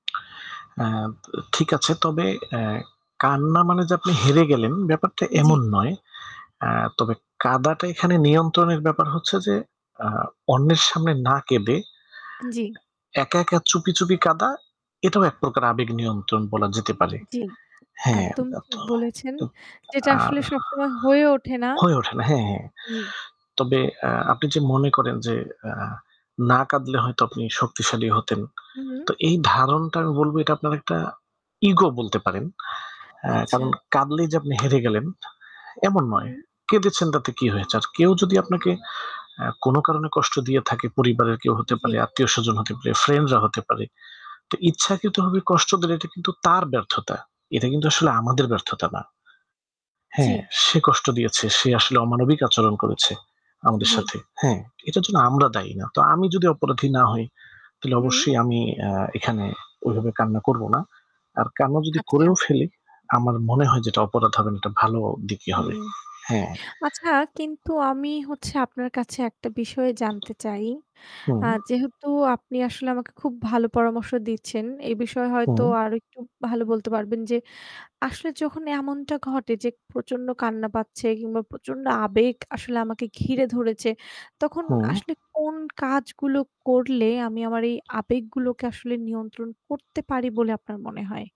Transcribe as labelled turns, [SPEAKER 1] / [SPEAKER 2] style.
[SPEAKER 1] আ তো ঠিক আছে, তবে অ্যা কান্না মানে যে আপনি হেরে গেলেন, ব্যাপারটা
[SPEAKER 2] উম জ্বি।
[SPEAKER 1] এমন নয়। আ তবে কাঁদাটা এখানে নিয়ন্ত্রণের ব্যাপার হচ্ছে যে, আ অন্যের সামনে না কেঁদে, এ
[SPEAKER 2] জ্বি।
[SPEAKER 1] একা, একা চুপি, চুপি কাঁদা, এটাও এক প্রকার আবেগ নিয়ন্ত্রণ বলা যেতে পারে।
[SPEAKER 2] জ্বি।
[SPEAKER 1] হ্যাঁ।
[SPEAKER 2] একদম ঠিক
[SPEAKER 1] তো
[SPEAKER 2] বলেছেন। যেটা
[SPEAKER 1] আর
[SPEAKER 2] আসলে সবসময় হয়ে ওঠে না।
[SPEAKER 1] হয়ে ওঠে না, হ্যাঁ, হ্যাঁ।
[SPEAKER 2] জ্বি।
[SPEAKER 1] তবে, আ আপনি যে মনে করেন যে, আ না কাঁদলে হয়ত আপনি শক্তিশালী হতেন,
[SPEAKER 2] হুম।
[SPEAKER 1] তো এই ধারণাটা বলবো এটা আপনার একটা ইগো বলতে পারেন, আ কারণ
[SPEAKER 2] আচ্ছা।
[SPEAKER 1] কাঁদলেই যে আপনি হেরে গেলেন, এমন নয়।
[SPEAKER 2] হুম।
[SPEAKER 1] কেঁদেছেন তাতে কী হয়েছে? আর কেউ যদি আপনাকে আ কোনো কারণে কষ্ট দিয়ে থাকে, পরিবারের কেউ হতে
[SPEAKER 2] উম জ্বি।
[SPEAKER 1] পারে, আত্মীয়স্বজন হতে পারে, ফ্রেন্ডরা হতে পারে। তো ইচ্ছাকৃতভাবে কষ্ট দিলে, এটা কিন্তু তার ব্যর্থতা। এটা কিন্তু আসলে আমাদের ব্যর্থতা না। হ্যাঁ,
[SPEAKER 2] জ্বি।
[SPEAKER 1] সে কষ্ট দিয়েছে। সে আসলে অমানবিক আচরণ করেছে আমাদের
[SPEAKER 2] জ্বি।
[SPEAKER 1] সাথে। হ্যাঁ, এটার জন্য আমরা দায়ী না। তো আমি যদি অপরাধী না হই, তাহলে
[SPEAKER 2] হুম।
[SPEAKER 1] অবশ্যই আমি আ এখানে ওইভাবে কান্না করবো না। আর কান্না যদি
[SPEAKER 2] আচ্ছা।
[SPEAKER 1] করেও ফেলি, আমার মনে হয় যে এটা অপরাধ হবে না, এটা ভালো দিকই
[SPEAKER 2] হুম।
[SPEAKER 1] হবে। হ্যাঁ।
[SPEAKER 2] আচ্ছা, কিন্তু আমি হচ্ছে আপনার কাছে একটা বিষয় জানতে চাই। আ
[SPEAKER 1] হুম।
[SPEAKER 2] যেহেতু আপনি আসলে আমাকে খুব ভালো পরামর্শ দিচ্ছেন, এই বিষয়ে হয়ত
[SPEAKER 1] হুম।
[SPEAKER 2] আরেকটু ভালো বলতে পারবেন যে, আসলে যখন এমনটা ঘটে যে প্রচণ্ড কান্না পাচ্ছে কিংবা প্রচণ্ড আবেগ আসলে আমাকে ঘিরে ধরেছে, তখন
[SPEAKER 1] হুম।
[SPEAKER 2] আসলে কোন কাজগুলো করলে আমি আমার এই আবেগগুলোকে আসলে নিয়ন্ত্রণ করতে পারি বলে আপনার মনে হয়?